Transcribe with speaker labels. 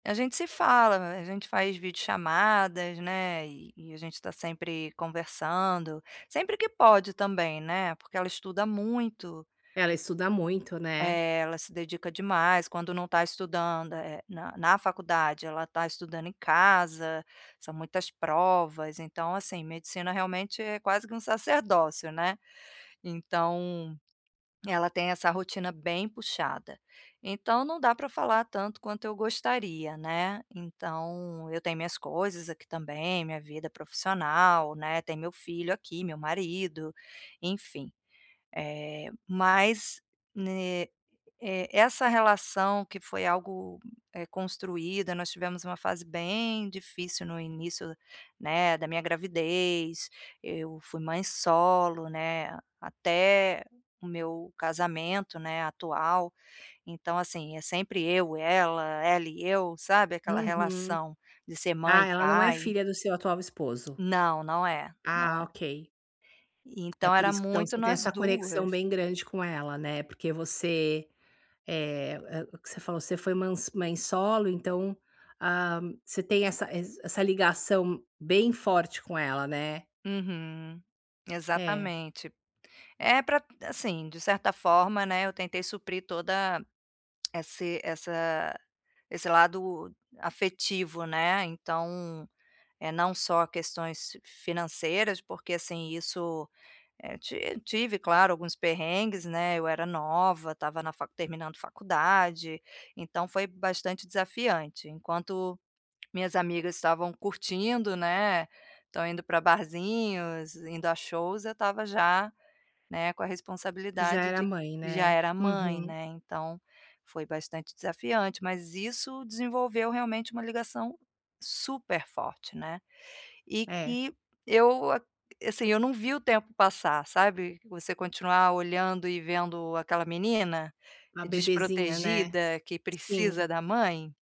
Speaker 1: A gente se fala, a gente faz videochamadas, né, e e a gente tá sempre conversando. Sempre que pode também, né, porque ela estuda muito.
Speaker 2: Ela estuda muito, né.
Speaker 1: É, ela se dedica demais. Quando não tá estudando é é na na faculdade, ela tá estudando em casa, são muitas provas. Então, assim, medicina realmente é quase que um sacerdócio, né. Então, ela tem essa rotina bem puxada, então não dá pra falar tanto quanto eu gostaria, né. Então eu tenho minhas coisas aqui também, minha vida profissional, né, tem meu filho aqui, meu marido, enfim. Eh, mas ne eh, essa relação que foi algo, eh, construída, nós tivemos uma fase bem difícil no início, né, da minha gravidez, eu fui mãe solo, né, até o meu casamento, né, atual. Então, assim, é sempre eu, ela, ela e eu, sabe, aquela
Speaker 2: Uhum.
Speaker 1: relação de ser mãe
Speaker 2: Ah,
Speaker 1: e
Speaker 2: ela não é
Speaker 1: pai.
Speaker 2: filha do seu atual esposo?
Speaker 1: Não, não é, não é.
Speaker 2: Ah, ok. É
Speaker 1: Então
Speaker 2: por
Speaker 1: era
Speaker 2: isso que então
Speaker 1: muito
Speaker 2: você tem
Speaker 1: nós
Speaker 2: essa conexão
Speaker 1: duas.
Speaker 2: bem grande com ela, né. Porque você, eh, é o que você falou, você foi ma mãe solo então, ah, você tem essa ess essa ligação bem forte com ela, né.
Speaker 1: Uhum,
Speaker 2: É.
Speaker 1: exatamente. É pra assim, de certa forma, né, eu tentei suprir toda esse essa esse lado afetivo, né. Então, eh, não só questões financeiras, porque, assim, isso, eh, ti tive claro alguns perrengues, né, eu era nova, estava na fa terminando faculdade, então foi bastante desafiante. Enquanto minhas amigas estavam curtindo, né, tão indo pra barzinhos, indo a shows, eu estava já, né, com a
Speaker 2: Você já
Speaker 1: responsabilidade
Speaker 2: era
Speaker 1: de
Speaker 2: mãe,
Speaker 1: já
Speaker 2: né?
Speaker 1: era mãe,
Speaker 2: Uhum.
Speaker 1: né, então, foi bastante desafiante. Mas isso desenvolveu realmente um ligação super forte, né. E
Speaker 2: É.
Speaker 1: que eu, assim, eu não vi o tempo passar, sabe. Você continuar olhando e vendo aquela menina,
Speaker 2: Uma bebezinha, né.
Speaker 1: desprotegida, que
Speaker 2: Sim.
Speaker 1: precisa da mãe.